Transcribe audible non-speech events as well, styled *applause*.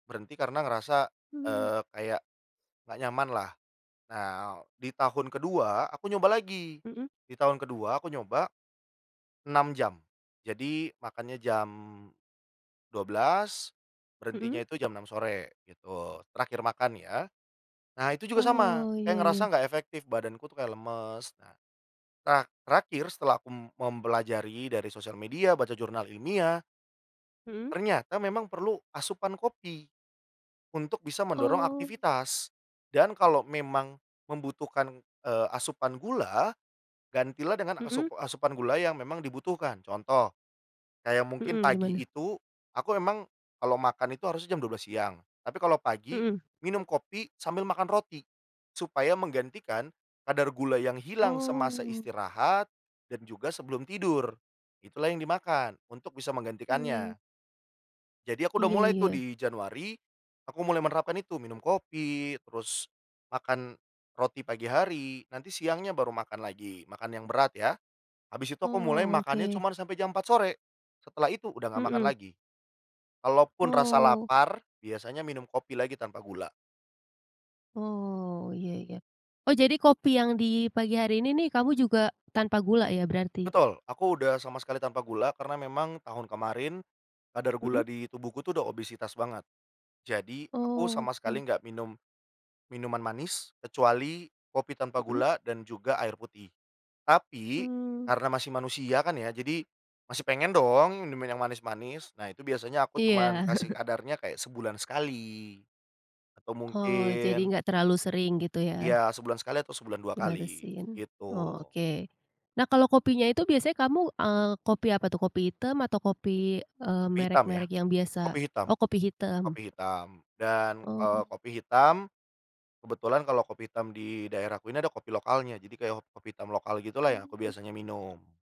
Berhenti karena ngerasa, Mmm. eee, kayak nggak nyaman lah. Nah, di tahun kedua aku nyoba lagi. Mhm. Di tahun kedua aku nyoba 6 jam, jadi makannya jam 12.00, berhentinya Mhm. itu jam 6.00 sore gitu, terakhir makan ya. Nah, itu juga sama, Oh, saya ya ngerasa ya. enggak efektif, badanku tuh kayak lemes. Nah, terak terakhir setelah aku m mempelajari dari sosial media, baca jurnal ilmiah Mhm. ternyata memang perlu asupan kopi untuk bisa mendorong Oh. aktivitas. Dan kalau memang membutuhkan, eee, asupan gula, gantilah dengan asup Mhm. asupan gula yang memang dibutuhkan. Contoh, kayak mungkin Mhm, pagi gimana? itu aku memang kalau makan itu harusnya jam 12.00 siang. Tapi kalau pagi Mhm. minum kopi sambil makan roti, supaya menggantikan kadar gula yang hilang semasa Oh. istirahat dan juga sebelum tidur, itulah yang dimakan untuk bisa Hmm. menggantikannya. Jadi, aku udah Iya mulai tuh iya. di Januari. Aku mulai menerapkan itu, minum kopi terus makan roti pagi hari. Nanti siangnya baru makan lagi, makan yang berat ya. Habis itu aku mulai Oh, makannya oke. cuman sampai jam 4 sore. Setelah itu udah nggak makan Mhm. lagi. Kalaupun rasa Oh. lapar, biasanya minum kopi lagi tanpa gula. Oh, ya ya. Oh, jadi kopi yang di pagi hari ini nih kamu juga tanpa gula ya berarti? Betul. Aku udah sama sekali tanpa gula, karena memang tahun kemarin kadar Mhm. gula di tubuhku udah obesitas banget. Jadi, aku sama sekali Oke. nggak minum minuman manis, kecuali kopi tanpa Mhm. gula dan juga air putih. Tapi Mmm. karena masih manusia kan ya, jadi masih pengen dong minum minuman yang manis-manis. Nah, itu biasanya aku Iya. cuman kasih *chuckles* kadarnya kayak sebulan sekali. Atau Oh, jadi mungkin enggak terlalu sering gitu Iya, ya. sebulan sekali atau sebulan 2 kali, Dibatasin, gitu. oke. Nah, kalau kopinya itu biasanya kamu, eee, kopi apa tuh? Kopi hitam atau kopi, eee, Kopi hitam ya, merek-merek yang biasa. kopi hitam Oh, kopi hitam. kopi hitam. Dan, eee, Oh. kopi hitam, kebetulan kalau kopi hitam di daerahku ini ada kopi lokalnya, jadi kayak ho kopi hitam lokal gitulah yang aku Mmm. biasanya minum.